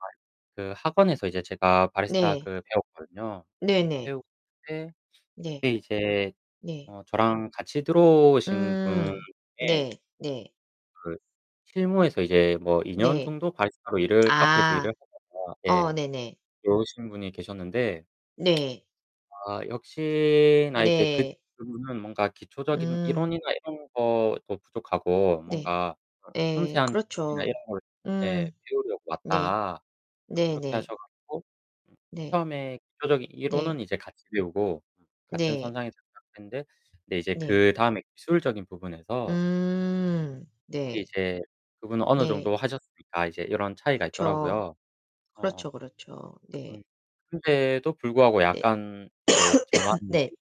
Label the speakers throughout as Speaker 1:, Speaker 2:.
Speaker 1: [unintelligible] 그 학원에서 이제 제가 바리스타
Speaker 2: 네.
Speaker 1: 그 배웠거든요. 그
Speaker 2: 네네.
Speaker 1: 배웠는데
Speaker 2: 네.
Speaker 1: 그때 이제
Speaker 2: 네.
Speaker 1: 어 저랑 같이 들어오신 분
Speaker 2: 음
Speaker 1: 중에
Speaker 2: 네. 네.
Speaker 1: 그 실무에서 이제 뭐 2 년
Speaker 2: 네.
Speaker 1: 정도 바리스타로 일을 카페에서 일을
Speaker 2: 아.
Speaker 1: 하다가
Speaker 2: 어
Speaker 1: 예
Speaker 2: 네네.
Speaker 1: 들어오신 분이 계셨는데
Speaker 2: 네.
Speaker 1: 아 역시나 이제 그
Speaker 2: 네.
Speaker 1: 그분은 뭔가 기초적인
Speaker 2: 음.
Speaker 1: 이론이나 이런 것도 부족하고
Speaker 2: 네.
Speaker 1: 뭔가 어
Speaker 2: 네
Speaker 1: "섬세한 기술이나 이런
Speaker 2: 그렇죠.
Speaker 1: 걸 네
Speaker 2: 음.
Speaker 1: 배우려고
Speaker 2: 네.
Speaker 1: 왔다." 그렇게
Speaker 2: 네네.
Speaker 1: 하셔 가지고
Speaker 2: 네.
Speaker 1: 처음에 기초적인
Speaker 2: 네.
Speaker 1: 이론은 이제 같이 배우고 같은
Speaker 2: 네.
Speaker 1: 선상에서 시작했는데 근데 이제
Speaker 2: 네.
Speaker 1: 그다음에 기술적인 부분에서
Speaker 2: 음.
Speaker 1: 그
Speaker 2: 네.
Speaker 1: 이제 그분은 어느 정도
Speaker 2: 네.
Speaker 1: 하셨으니까 이제 이런 차이가
Speaker 2: 그쵸.
Speaker 1: 있더라고요. 어어.
Speaker 2: 그렇죠, 그렇죠.
Speaker 1: 음
Speaker 2: 네.
Speaker 1: 근데도 불구하고
Speaker 2: 네.
Speaker 1: 약간 이제 저만의
Speaker 2: 네.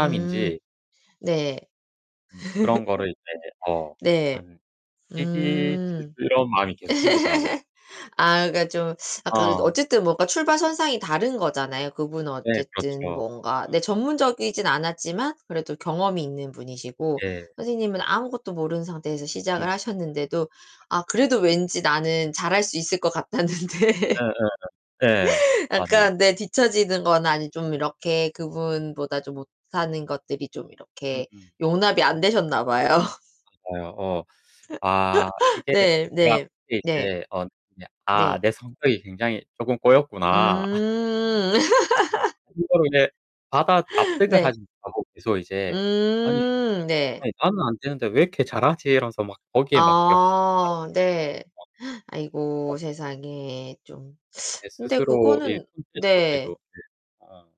Speaker 2: 음. 네.
Speaker 1: 음 그런 거를 이제 어
Speaker 2: 네.
Speaker 1: 한 시기, 질투
Speaker 2: 음.
Speaker 1: 이런 마음이 계속 생기더라고요.
Speaker 2: 아 그러니까 좀 약간 그
Speaker 1: 어.
Speaker 2: 어쨌든 뭔가 출발 선상이 다른 거잖아요. 그분은
Speaker 1: 네
Speaker 2: 어쨌든
Speaker 1: 그렇죠.
Speaker 2: 뭔가 네
Speaker 1: 맞아.
Speaker 2: 전문적이진 않았지만 그래도 경험이 있는 분이시고
Speaker 1: 예.
Speaker 2: 선생님은 아무것도 모르는 상태에서 시작을
Speaker 1: 음.
Speaker 2: 하셨는데도 아
Speaker 1: [unintelligible]
Speaker 2: 그래도 왠지 나는 잘할 수 있을 것 같았는데
Speaker 1: 예예예. 네. 맞아요.
Speaker 2: 약간 네 뒤처지는 거나 아니면 좀 이렇게 그분보다 좀 못하는 것들이 좀 이렇게
Speaker 1: 음음.
Speaker 2: 용납이 안 되셨나 봐요.
Speaker 1: 맞아요. 어. 아 이게
Speaker 2: 네.
Speaker 1: 내가
Speaker 2: 네.
Speaker 1: 이게
Speaker 2: 네.
Speaker 1: 이제 어 그냥 '아
Speaker 2: 네.
Speaker 1: 내 성격이 굉장히 쪼금 꼬였구나.'
Speaker 2: 음.
Speaker 1: 그거를 이제 받아 납득을
Speaker 2: 네.
Speaker 1: 하지 못하고 계속 이제 '아니
Speaker 2: 음 네.
Speaker 1: 아니 나는 안 되는데 왜 이렇게 잘하지?' 이러면서 막 거기에 막 그냥 확 하루종일
Speaker 2: 아 네. 아이고
Speaker 1: 막 [unintelligible]
Speaker 2: 세상에 좀
Speaker 1: 내
Speaker 2: 근데
Speaker 1: 스스로 이
Speaker 2: 그거는
Speaker 1: [unintelligible] 네.
Speaker 2: 네.
Speaker 1: 어.